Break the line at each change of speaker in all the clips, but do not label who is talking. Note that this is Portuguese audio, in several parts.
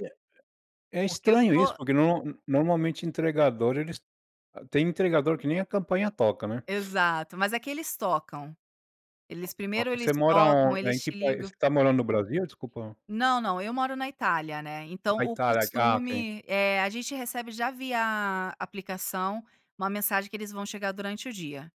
É é é
Porque eu
estranho isso,
estou
porque nor n normalmente entregadores, eles ah, tem entregador que nem a campanha toca, né?
Exato, mas aqui eles tocam. Eles,
A a
primeiro, eles
você mora
tocam,
aon eh,
eles
em que
te
país? Você
ligam.
tá morando no Brasil? Desculpa.
Não, não. Eu moro na Itália, né, então
Na
o
Itália. Ah, ok.
costume, eh, a gente recebe já via aplicação uma mensagem que eles vão chegar durante o dia.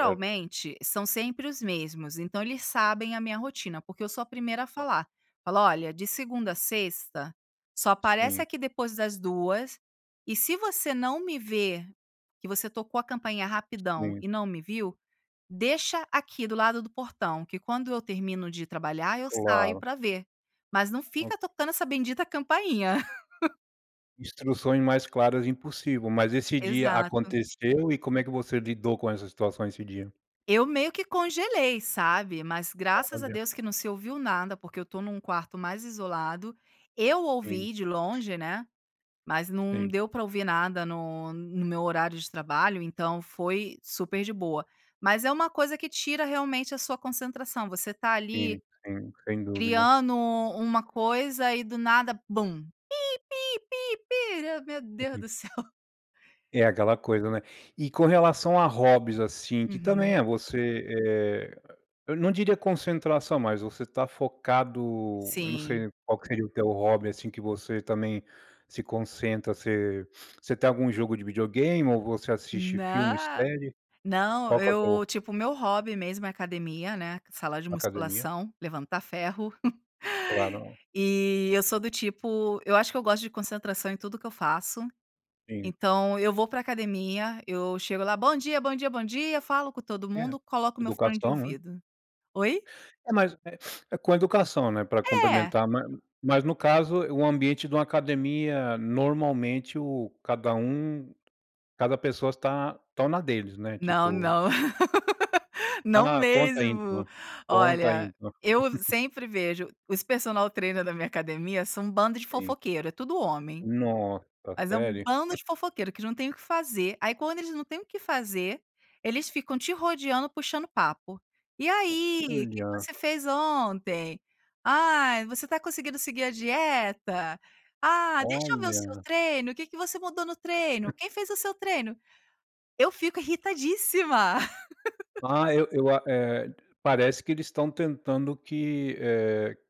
Certo.
são sempre os mesmos, então eles sabem a minha rotina, porque eu sou a primeira a
Ah.
falar. Falo: "Olha, de segunda a sexta, só aparece
Sim.
aqui depois das 14h, e se você não me ver, que você tocou a campainha rapidão
Sim.
e não me viu, deixa aqui do lado do portão que, quando eu termino de trabalhar, eu saio
Claro.
pra ver, mas não
O
fica tocando essa bendita campainha.
Instruções mais claras, impossível. Mas esse dia
Exato.
aconteceu e como é que você lidou com essa situação esse dia?
Eu meio que congelei, sabe? Mas graças a
Olha.
Deus que não se ouviu nada, porque eu estou num quarto mais isolado. Eu
Sim.
ouvi de longe, né? Mas não
Sim.
deu pra ouvir nada no no meu horário de trabalho, então foi super de boa. Mas é uma coisa que tira realmente a sua concentração, você tá ali
Sim. Sem sem dúvida.
criando uma coisa e do nada bum. Pi-pi-pi-pi. Meu Deus
Uhum.
do céu.
E é aquela coisa, né? E com relação a hobbies, assim, que também
Uhum.
é você, eh, eu não diria concentração, mas você tá focado. Eu não
Sim.
sei qual que seria o teu hobby, assim, que você também se concentra. Você você tem algum jogo de videogame ou você assiste filme e
Nã
série?
não,
Qual que é teu
eu, tipo, o meu hobby, mesmo, é academia, né, sala de
Academia.
musculação, levantar ferro.
Claro.
E eu sou do tipo, eu acho que eu gosto de concentração em tudo o que eu faço.
Sim.
Então eu vou pra academia, eu chego lá, "bom dia", "bom dia", "bom dia". Falo com todo
Eh,
mundo, coloco o meu fone de
eduação, né?
ouvido. Oi?
É, mas, eh, com educação, né, para
É.
cumprimentar. Mas, no caso, o ambiente de uma academia, normalmente, o cada um cada pessoa está estão na deles, né?
Não,
Tipo
não. Não
Ah! Conta ai
mesmo!
então. Conta ai
Olha,
então.
eu sempre vejo os personal trainer da minha academia são um bando de
Sim.
fofoqueiro. É tudo homem.
Nossa,
Mas é um
sério?
bando de fofoqueiro que já não tem o que fazer. Aí, quando eles não têm o que fazer, eles ficam te rodeando, puxando papo: "E aí, que que
Olha.
você fez ontem?"; "Ai, você tá conseguindo seguir a dieta?"; "Ah, deixa eu ver o seu
Olha.
treino, o que que você mudou no treino?"; "Quem fez o seu treino?". Eu fico irritadíssima.
Ah, eu eu a eh, parece que eles estão tentando que, eh